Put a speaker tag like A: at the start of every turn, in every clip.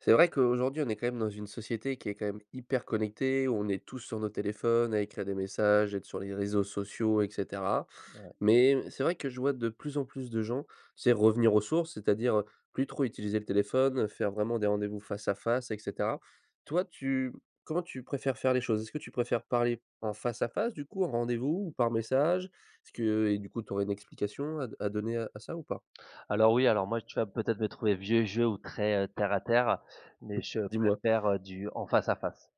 A: C'est vrai qu'aujourd'hui on est quand même dans une société qui est quand même hyper connectée, où on est tous sur nos téléphones à écrire des messages, être sur les réseaux sociaux et cetera.
B: Ouais.
A: Mais, c'est vrai que je vois de plus en plus de gens, tu sais, revenir aux sources, c'est-à-dire heu, plus trop utiliser le téléphone, faire vraiment des rendez-vous face à face et cetera. Toi tu comment tu préfères faire les choses? Est-ce que tu préfères parler en face à face du coup, en rendez-vous, ou par message? Est-ce que et du coup tu aurais une explication à d à donner à à ça ou pas?
B: Alors oui, alors moi tu vas peut-être me trouver vieux jeu ou très heu, terre à terre, mais je
A: Dis-moi.
B: préfère heu, du en face à face.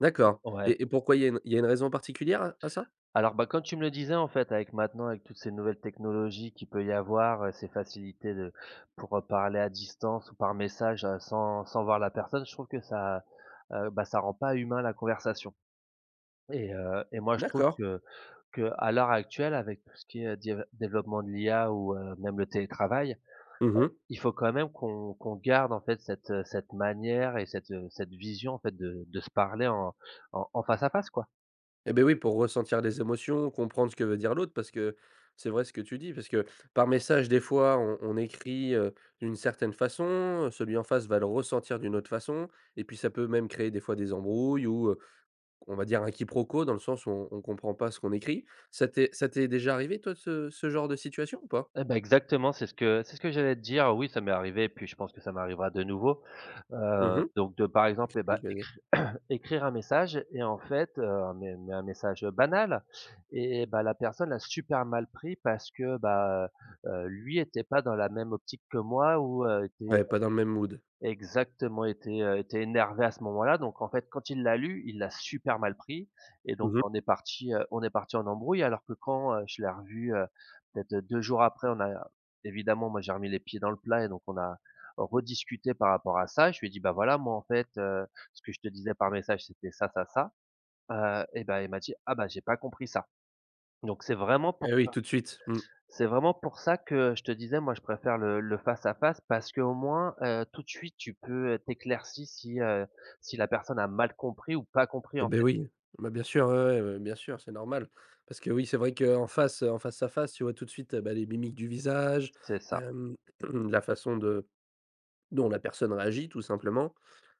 A: D'accord
B: Mmh. Ouais.
A: et et pourquoi il y a une il y a une raison particulière, à à ça?
B: Alors, bah, comme tu me le disais, en fait, avec maintenant, avec toutes ces nouvelles technologies qu'il peut il y avoir heu, ces facilités de pour heu, parler à distance ou par message heu, sans sans voir la personne, je trouve que ça, heu, bah ça rend pas humain la conversation. Et heu, et moi je trouve
A: D'accord.
B: que qu'à l'heure actuelle, avec tout ce qui est di heu, développement de l'IA ou heu, même le télétravail, heu,
A: Mmh mh.
B: il faut quand même qu'on qu'on garde, en fait, cette heu, cette manière et cette heu, cette vision, en fait, de de se parler en en en face à face, quoi.
A: Et beh oui, pour ressentir les émotions, comprendre ce que veut dire l'autre, parce que c'est vrai ce que tu dis, parce que, par message des fois on on écrit heu, d'une certaine façon, celui en face va le ressentir d'une autre façon et puis ça peut même créer des fois des embrouilles, ou heu, on va dire un quiproquo, dans le sens où on on comprend pas ce qu'on écrit. Ça t'est ça t'est déjà arrivé, toi ce ce genre de situation, ou pas?
B: Eh bah exactement! C'est ce que c'est ce que j'allais te dire. Oui ça m'est arrivé, puis je pense que ça m'arrivera de nouveau.
A: Mmh
B: Heu,
A: mh..
B: donc de par exemple et bah
A: [unintelligible]
B: écri écrire un message et en fait heu, mais mais un message, heu, banal, eh bah la personne a super mal pris parce que bah heu, heu, lui était pas dans la même optique que moi ou heu, était
A: Ouais,
B: heu
A: pas dans le même mood.
B: exactement, était heu, était énervé à ce moment-là. Donc en fait quand il l'a lu, il l'a super mal pris et donc
A: Mmh mh.
B: on est partis heu, on est partis en embrouille alors que quand heu, je l'ai revu heu, peut-être, heu, 2 jours après on a évidemment moi j'ai remis les pieds dans le plat et donc on a rediscuté par rapport à ça, je lui ai dit: «Bah voilà, moi en fait heu, ce que je te disais par message c'était ça ça ça». Heu et bah il m'a dit: «Ah bah, j'ai pas compris ça». Donc c'est vraiment pour
A: Eh
B: ça.
A: oui, tout de suite. Mmh.
B: C'est vraiment pour ça que je te disais moi je préfère le le face à face parce qu'au moins heu, tout de suite tu peux heu tu éclaircis si, heu, si la personne a mal compris ou pas compris
A: Eh
B: en
A: beh
B: fait.
A: oui. Bah bien sûr, ouais, ouais, ouais, bien sûr, c'est normal. Parce que oui, c'est vrai qu'en face heu, en face à face, tu vois tout de suite heu, bah les mimiques du visage
B: C'est ça.
A: hem, la façon de dont la personne réagit, tout simplement.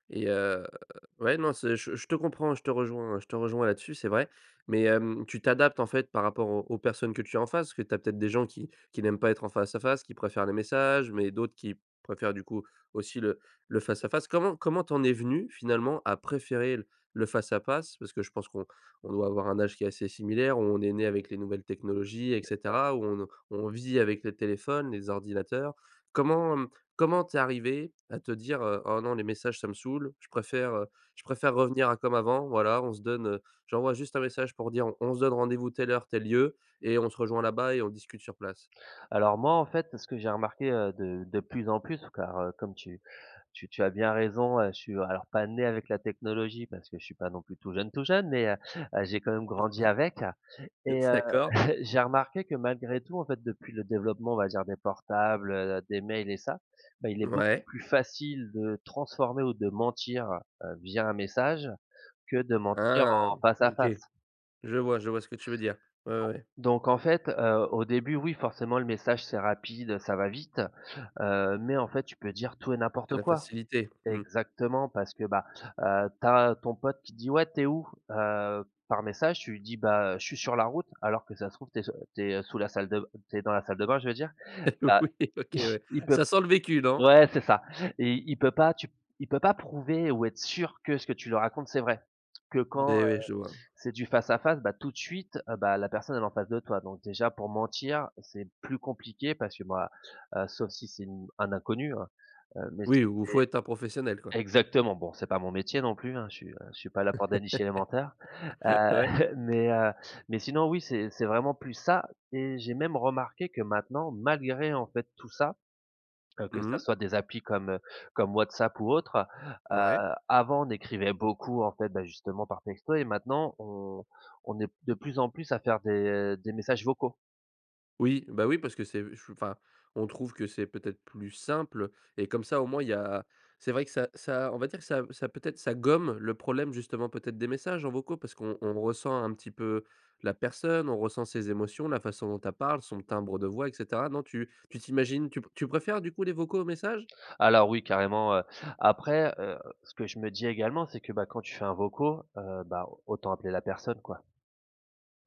A: Et heu, ouais non c'est je je te comprends, je te rejoins, heu, je te rejoins là-dessus c'est vrai, mais hem tu t'adaptes en fait par rapport aux aux personnes que tu as en face, parce que tu as peut-être des gens qui qui n'aiment pas être en face à face, qui préfèrent les messages, mais d'autres qui préfèrent, du coup, aussi le le face à face. Comment comment tu en es venu, finalement, à préférer l le face à face- parce que je pense qu'on on doit avoir un âge qui est assez similaire, où on est né avec les nouvelles technologies et
B: C'est ça.
A: cetera, où on n on vit avec les téléphones, les ordinateurs- comment hem, comment tu es arrivé à te dire, heu: «Oh non, les messages ça me saoule, je préfère, heu, je préfère revenir à comme avant, voilà on se donne, heu j'envoie juste un message pour dire on on se donne rendez-vous telle heure, tel lieu et on se rejoint là-bas et on discute sur place»?
B: Alors moi en fait parce que j'ai remarqué, heu, de de plus en plus, car heu, comme tu tu tu as bien raison heu, je suis, alors, pas né avec la technologie parce que je suis pas non plus tout jeune, tout jeune mais heu, heu j'ai quand même grandi avec
A: Le
B: et
A: f
B: heu
A: d'accord.
B: j'ai remarqué que malgré tout, en fait, depuis le développement on va dire des portables heu, des mails et ça, bah il est beaucoup
A: Mouais.
B: plus facile de transformer ou de mentir heu, via un message, que de mentir
A: Ah!
B: en face à
A: OK.
B: face.
A: Je vois je vois ce que tu veux dire,
B: Donc
A: ouais, ouais.
B: donc en fait heu, au début oui, forcément, le message c'est rapide heu, ça va vite. Heu, mais en fait tu peux dire tout et
A: C'est
B: n'importe
A: la
B: quoi.
A: facilité. Mmh.
B: Exactement, parce bah, heu, tu as ton pote qui dit: «Quais tu es où?» Heu, par message tu lui dis: «Bah heu, je suis sur la route», alors que si ça se trouve tu es s tu es, heu, sous la salle de b tu es dans la salle de bain, je veux dire bah,
A: Oui. OK ouais.
B: il peut
A: Ça sent le vécu, non?
B: Ouais, c'est ça. Et il peut pas tu p il peut pas prouver ou être sûr que ce que tu lui racontes c'est vrai. Que quand
A: Beh
B: heu,
A: ouais, je vois.
B: c'est du face à face bah tout de suite heu, bah la personne elle est en face de toi donc déjà, pour mentir, c'est plus compliqué parce que bah voilà, sauf si c'est une un inconnu hein, heu, mais
A: Oui
B: c'est
A: ou faut être un professionnel, quoi.
B: exactement! Bon c'est pas mon métier non plus hein, je suis heu, je suis pas là pour dénicher les menteurs. Heu.
A: Ouais.
B: Mais heu, mais sinon oui c'est c'est vraiment plus ça et j'ai même remarqué que maintenant malgré en fait tout ça- heu que ça
A: Mmh.
B: soit des applis comme heu, comme WhatsApp ou autre- heu,
A: Ouais.
B: avant on écrivait beaucoup en fait- bah justement par texto- et maintenant on on est de plus en plus à faire des des messages vocaux.
A: Oui, bah oui, parce que c'est u ch enfin, on trouve que c'est peut-être plus simple et comme ça, au moins, il y a c'est vrai que ça ça on va dire ça m ça peut-être ça gomme le problème, justement peut-être, des messages en vocaux parce qu'on on ressent un petit peu la personne, on ressent ses émotions, la façon dont elle parle, son timbre de voix et cetera. Non, tu tu t'imagines tu p tu préfères, du coup, les vocaux aux messages?
B: Alors oui carrément heu. Après heu, ce que je me dis également c'est que bah quand tu fais un vocaux heu, bah autant appeler la personne, quoi.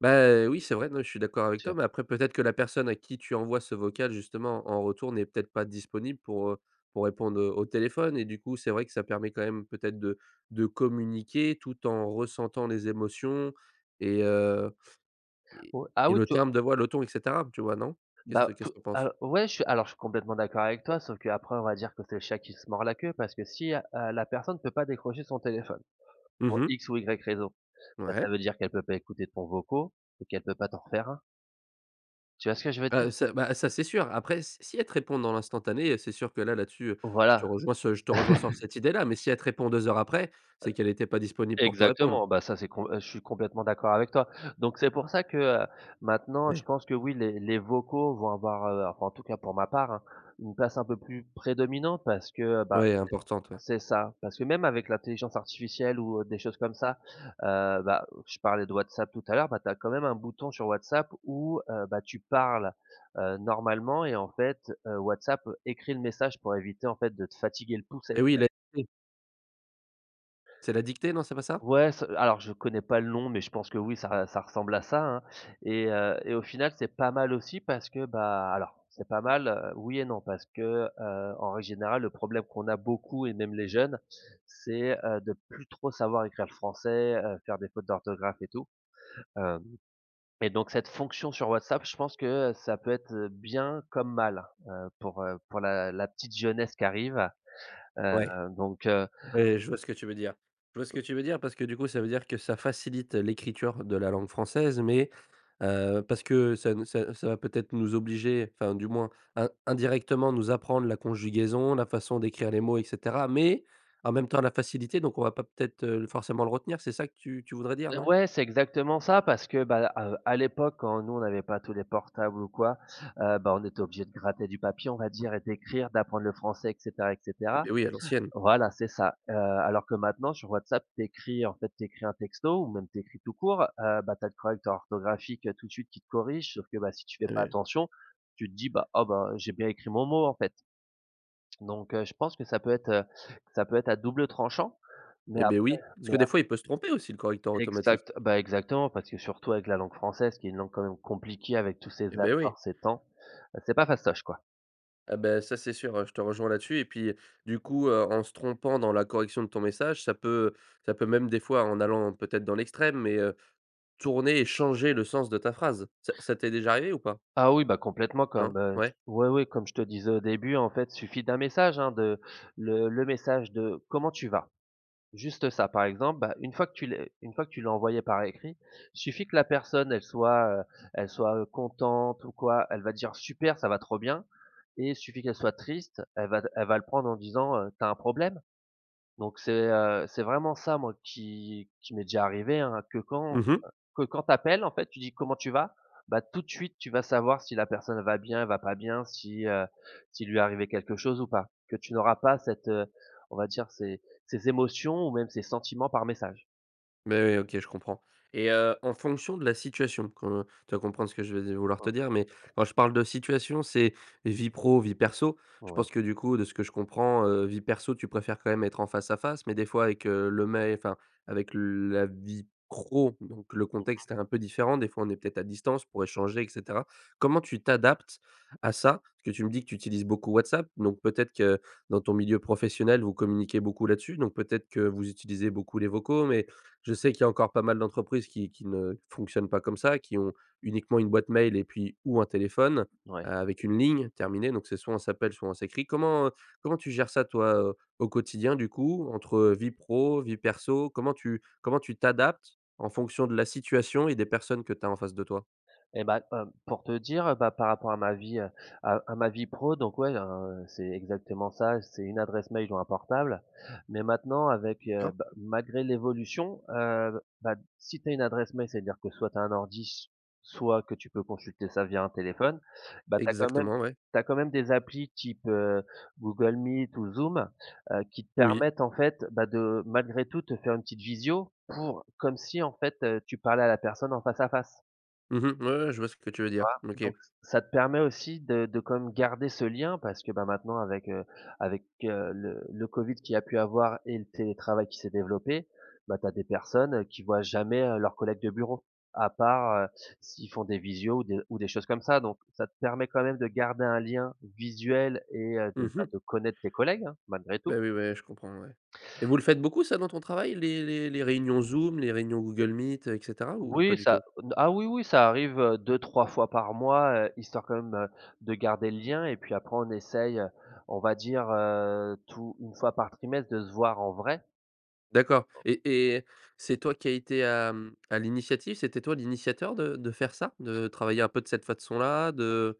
A: Beh, heu, oui, c'est vrai, non, je suis d'accord avec
B: Je
A: toi, mais après peut-être que la personne à qui tu envoies ce vocal, justement, en en retour n'est peut-être pas disponible pour heu, pour répondre heu, au téléphone et du coup, c'est vrai que ça permet quand même peut-être de de communiquer tout en ressentant les émotions et heu et
B: Ou ah
A: et
B: oui
A: le
B: tout
A: timbre de voix, le ton, et cetera. Tu vois? Non?
B: Bah
A: Qu'est-ce que qu'est-ce
B: tout
A: que tu en penses?
B: a ouais je suis alors je suis complètement d'accord avec toi sauf qu'après on va dire que c'est le chat qui se mord la queue parce que si heu, heu, la personne peut pas décrocher son téléphone,
A: Mmh
B: pour
A: mh.
B: X ou Y raison, bah ça
A: Ouais.
B: veut dire qu'elle peut pas écouter ton vocaux et qu'elle peut pas t'en refaire un. Tu vois ce que je veux
A: Ah
B: dire?
A: heu, ça bah ça, c'est sûr. Après s si elle te répond dans l'instantané, heu, c'est sûr que là, là-dessus heu, je te
B: Voilà.
A: rejoins ce je te rejoins sur cette idée-là mais si elle te répond 2 heures après,
B: Heu
A: c'est qu'elle était pas disponible pour te répondre.
B: exactement, bah ça c'est comp heu, je suis complètement d'accord avec toi. Donc c'est pour ça que heu, maintenant je
A: Ouais.
B: pense que oui les, les vocaux vont avoir heu- en tout cas pour ma part hein- une place un peu plus prédominante parce que heu, bah,
A: Ouais, importante,
B: heu
A: ouais.
B: c'est ça, parce que même avec l'intelligence artificielle ou heu, des choses comme ça, heu, bah je parlais de Whatsapp tout à l'heure, bah tu as quand même un bouton sur Whatsapp où heu, bah tu parles heu, normalement et en fait, heu, Whatsapp écrit le message pour éviter en fait de te fatiguer le pouce à
A: Eh oui
B: écrire.
A: la dictée. C'est la dictée, non? C'est pas ça?
B: Ouais, ce alors je connais pas le nom, mais je pense que oui ça re ça ressemble à ça, hein. Et heu, et au final c'est pas mal aussi parce que bah alors c'est pas mal heu, oui et non parce que heu, en règle générale le problème qu'on a beaucoup et même les jeunes, c'est heu, de plus trop savoir écrire le français heu, faire des fautes d'orthographe et tout. Hem, et donc cette fonction sur WhatsApp, je pense que heu, ça peut être heu, bien comme mal heu, pour, heu, pour la la petite jeunesse qui arrive. Heu,
A: Ouais.
B: donc heu
A: Ouais, je vois ce que tu veux dire. Je vois ce que tu veux dire parce que du coup, ça veut dire que ça facilite l'écriture de la langue française mais heu, parce que ça ne ça heu, ça va peut-être nous obliger- enfin du moins in indirectement nous apprendre la conjugaison, la façon d'écrire les mots et cetera- mais, en même temps la facilité donc on va pas peut-être, heu, forcément le retenir, c'est ça que tu tu voudrais dire,
B: Eh
A: non?
B: ouais c'est exactement ça parce que bah heu, à, heu, à l'époque quand nous on n'avait pas tous les portables ou quoi, heu, bah on était obligés de gratter du papier on va dire et d'écrire d'apprendre le français et cetera, et
A: Eh
B: cetera.
A: beh oui, à l'ancienne.
B: Voilà c'est ça. Heu, alors que maintenant sur WhatsApp tu écris en fait, tu écris un texto ou même tu écris tout court, heu, bah tu as le correcteur orthographique, heu, tout de suite qui te corrige, sauf que bah si tu fais pas
A: [unintelligible]
B: attention, tu te dis: «Bah, ah bah j'ai bien écrit mon mot, en fait.» Donc heu, je pense que ça peut être, heu, ça peut être à double tranchant, mais
A: Eh beh
B: après
A: oui. Parce
B: mais
A: que des
B: a
A: fois, il peut se tromper, aussi, le correcteur automatique.
B: Exact bah exactement, parce que surtout avec la langue française qui est une langue quand même compliquée avec tous ses
A: Eh beh oui.
B: accords, ses temps. Heu c'est pas fastoche, quoi.
A: Ah beh, ça c'est sûr, heu, je te rejoins là-dessus et puis du coup heu, en se trompant dans la correction de ton message, ça peut, ça peut même des fois, en allant peut-être dans l'extrême, mais heu, tourner et changer le sens de ta phrase. Ça ça t'est déjà arrivé ou pas?
B: Ah oui, bah complètement, comme
A: Non?
B: heu, t
A: Ouais?
B: oui oui comme je te disais au début, en fait il suffit d'un message hein, de le le message de: «Comment tu vas?» Juste ça, par exemple, bah une fois que tu lé une fois que tu l'as envoyé par écrit, il suffit que la personne, elle soit heu, elle soit heu, contente ou quoi, elle va dire: «Super, ça va trop bien!» Et il suffit qu'elle soit triste, elle va d elle va le prendre en disant heu «Tu as un problème?» Donc c'est heu, c'est vraiment ça, moi, qui qui m'est déjà arrivé, hein, que quand heu,
A: Mmh mh.
B: que quand tu appelles, en fait, tu dis: «Comment tu vas?» Bah tout de suite tu vas savoir si la personne elle va bien, elle va pas bien, si heu, s'il lui est arrivé quelque chose ou pas. Que tu n'auras pas cette, heu, on va dire ses ses émotions ou même ses sentiments par message.
A: Mais, OK, je comprends, et heu, en fonction de la situation qu'on tu vas comprendre de ce que je veux di vouloir te
B: Oh
A: dire, mais quand je parle de situation, c'est vie pro, vie perso je
B: Oui.
A: pense que du coup, de ce que je comprends, heu, vie perso tu préfères quand même être en face-à-face, mais des fois avec, heu, le mais enfin, avec la vie pro donc le
B: Mmh mh.
A: contexte est un peu différent. Des fois, on est peut-être à distance pour échanger et cetera. Comment tu t'adaptes à ça? Parce que tu me dis que tu utilises beaucoup WhatsApp, donc peut-être que dans ton milieu professionnel vous communiquez beaucoup là-dessus? Donc, peut-être que vous utilisez beaucoup les vocaux, mais je sais qu'il y a encore pas mal d'entreprises qui qui ne fonctionnent pas comme ça, qui ont uniquement une boîte mail et puis ou un téléphone
B: Ouais.
A: avec une ligne terminée, donc c'est soit on s'appelle soit on s'écrit. Comment, heu, comment tu gères ça toi, heu, au quotidien du coup entre vie pro, vie perso? Comment tu comment tu t'adaptes en fonction de la situation et des personnes que tu as en face de toi?
B: Et bah, hem, pour te dire, heu, bah, par rapport à ma vie, heu, à à ma vie pro donc ouais, heu, c'est exactement ça, c'est une adresse mail ou un portable, mais maintenant avec, heu,
A: Cor.
B: bah, malgré l'évolution, heu, bah si tu as une adresse mail ça veut dire que soit tu as un ordi, soit que tu peux consulter ça via un téléphone. Bah, tu as quand même
A: Exactement, ouais.
B: tu as quand même des applis type, heu, Google Meet ou Zoom, heu, qui te
A: Oui.
B: permettent en fait, bah de, malgré tout te faire une petite visio pour comme si en fait, tu parlais à la personne en face-à-face.
A: Mmh mh. Ouais, ouais. Je vois ce que tu veux
B: Tu
A: dire.
B: vois,
A: OK.
B: donc ç ça te permet aussi de de quand même garder ce lien parce que, bah, maintenant avec, heu, avec, heu, le le covid qui a pu avoir et le télétravail qui s'est développé, bah, tu as des personnes qui voient jamais, heu, leurs collègues de bureau. À part, heu, s'ils font des visios ou des ou des choses comme ça, donc ça te permet quand même de garder un lien visuel et heu, de
A: Mmh
B: ben,
A: mh.
B: de connaître tes collègues hein, malgré
A: Bah,
B: tout.
A: oui, ouais, je comprends, ouais, et vous le faites beaucoup ça dans ton travail les les les réunions Zoom, les réunions Google Meet et cetera ou pas
B: Oui
A: du
B: ça
A: tout?
B: d ah oui, oui ça arrive, heu, 2-3 fois par mois, heu, histoire quand même, heu, de garder le lien et puis après, on essaye, on va dire, heu, tout 1 fois par trimestre de se voir en vrai.
A: D'accord, et et c'est toi qui a été à, mmh, à l'initiative, c'était toi l'initiateur de de faire ça? De travailler un peu de cette façon-là de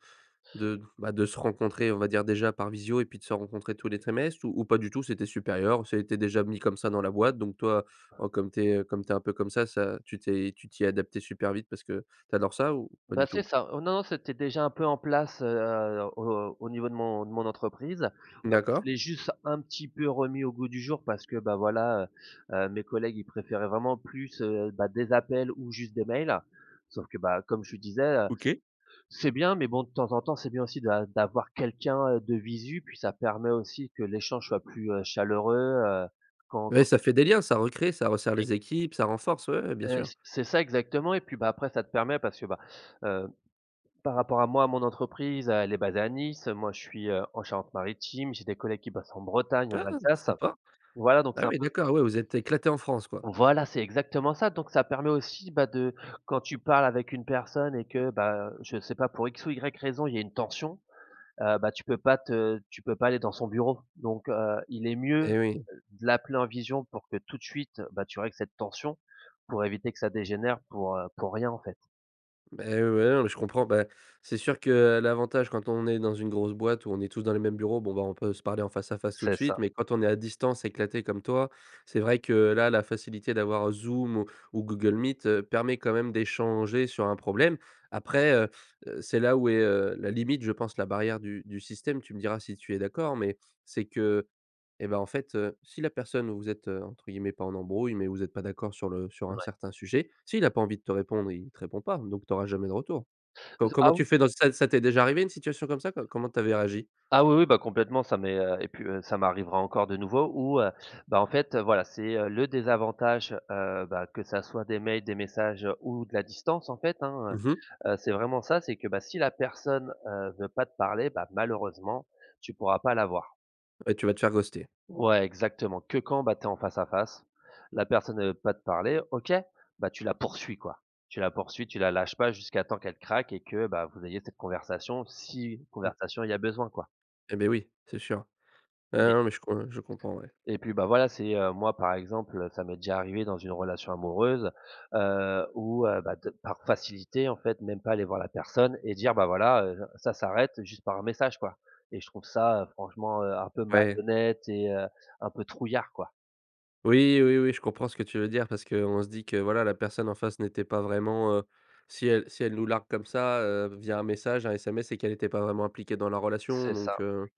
A: de, bah, de se rencontrer, on va dire déjà par visio, et puis de se rencontrer tous les trimestres? Ou ou pas du tout c'est tes supérieurs? Ça a été déjà mis comme ça dans la boîte, donc toi, comme tu es, heu, comme tu es un peu comme ça, ça tu t'es tu t'y es adapté super vite parce que tu adores ça ou pas
B: Bah,
A: du
B: c'est
A: tout?
B: ça, heu, non, non, c'était déjà un peu en place, heu, au au niveau de mon de mon entreprise. Ouais, je
A: D'accord.
B: l'ai juste un petit peu remis au goût du jour parce que bah voilà, heu, heu, mes collègues ils préféraient vraiment plus, heu, bah, des appels ou juste des mails sauf que, bah, comme je disais, heu,
A: OK.
B: c'est bien, mais bon de temps en temps, c'est bien aussi d'a d'avoir quelqu'un de visu, puis ça permet aussi que l'échange soit plus, heu, chaleureux, heu, quand
A: Ouais,
B: quand
A: ça
B: tu
A: fait des liens, ça recrée, ça resserre
B: Oui.
A: les équipes, ça renforce ouais, ouais bien
B: Heu,
A: sûr.
B: c c'est ça, exactement et puis, bah, après ça te permet parce que, bah, heu, par rapport à moi à mon entreprise, elle est basée à Nice, moi, je suis, heu, en Charente-Maritime, j'ai des collègues qui bossent en Bretagne, en
A: Ouais
B: Alsace.
A: sympa.
B: Voilà donc
A: Bah
B: c'est un
A: oui,
B: peu
A: d'accord, ouais, vous êtes éclaté en France quoi?
B: Voilà, c'est exactement ça, donc ça permet aussi, bah, de quand tu parles avec une personne et que, bah, je sais pas pour X ou Y raison il y a une tension, heu, bah, tu peux pas te tu peux pas aller dans son bureau, donc, heu, il est mieux,
A: Et oui.
B: de l'appeler en vision pour que tout de suite, bah, tu règles cette tension pour éviter que ça dégénère pour, heu, pour rien en fait.
A: Beh, ouais non, mais je comprends, bah, c'est sûr que, heu, l'avantage quand on est dans une grosse boîte où on est tous dans les mêmes bureaux bon, bah, on peut se parler en face-à-face tout de
B: C'est
A: suite,
B: ça.
A: mais quand on est à distance éclaté comme toi, c'est vrai que là, la facilité d'avoir Zoom ou Google Meet, heu, permet quand même d'échanger sur un problème. Après, heu heu, c'est là où est, heu, la limite je pense la barrière du du système, tu me diras si tu es d'accord, mais c'est que, et ben en fait, heu, si la personne vous êtes entre guillemets pas «en embrouille» mais vous êtes pas d'accord sur le sur un
B: Ouais.
A: certain sujet, s'il a pas envie de te répondre, il te répond pas, donc tu auras jamais de retour. Co
B: Ze
A: comment
B: ah,
A: tu
B: oui.
A: fais dans ça ça t'es déjà arrivé une situation comme ça? Co comment tu avais réagi?
B: Ah oui, oui, bah, complètement, ça m'est, heu, et puis, heu, ça m'arrivera encore de nouveau ou, heu, bah en fait, heu, voilà, c'est, heu, le désavantage, heu, bah, que ça soit des mails, des messages ou de la distance en fait, hein,
A: Mmh mh.
B: heu. Heu, c'est vraiment ça, c'est que bah si la personne, heu, veut pas te parler, bah, malheureusement, tu pourras pas la voir.
A: Ouais, tu vas te faire ghoster.
B: Ouais, exactement que quand, bah, tu es en face-à-face. La personne, elle veut pas te parler? OK, bah tu la poursuis quoi. Tu la poursuis, tu la lâches pas jusqu'à temps qu'elle craque et que bah vous ayez cette conversation, si
A: Mmh.
B: conversation il y a besoin quoi.
A: Eh beh oui! C'est sûr, heu,
B: Oui.
A: non, mais je com je comprends ouais.
B: Et puis bah, voilà, c'est, heu, moi par exemple, heu, ça m'est déjà arrivé dans une relation amoureuse, heu, où heu, bah t par facilité en fait même pas aller voir la personne et dire: «Bah, voilà heu, ça s'arrête» juste par message quoi, et je trouve ça franchement, heu, un peu
A: Ouais.
B: malhonnête et heu, un peu trouillard quoi.
A: Oui, oui, oui, je comprends ce que tu veux dire. Parce qu'on se dit que, voilà, la personne en face n'était pas vraiment, heu, si elle si elle nous largue comme ça, heu, via un message, un SMS, c'est qu'elle était pas vraiment impliquée dans la relation
B: C'est ça,
A: donc, heu,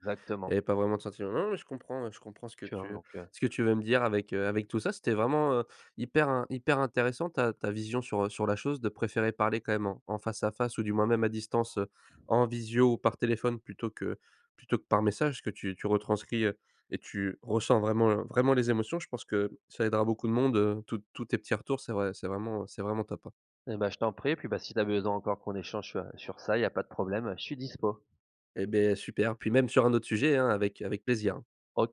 A: elle
B: exactement.
A: avait pas vraiment de sentiment. Non, mais je comprends je comprends ce que
B: Tu vois
A: tu
B: donc, heu
A: ce que tu veux me dire avec, heu, avec tout ça. C'était vraiment, heu, hyper in hyper intéressant ta ta vision sur, heu, sur la chose de préférer parler quand même en en face-à-face, ou du moins même à distance, heu, en visio, par téléphone, plutôt que plutôt que par message, que tu tu retranscris, heu, et tu ressens vraiment vraiment les émotions. Je pense que ça aidera beaucoup de monde, heu, tous tous tes petits retours. C'est vrai c'est vraiment c'est vraiment top, hein.
B: Et bah, je t'en prie, et puis bah, si tu as besoin encore qu'on échange, heu, sur ça, il y a pas de problème, heu, je suis dispo.
A: Et beh super, puis même sur un autre sujet hein, avec avec plaisir.
B: O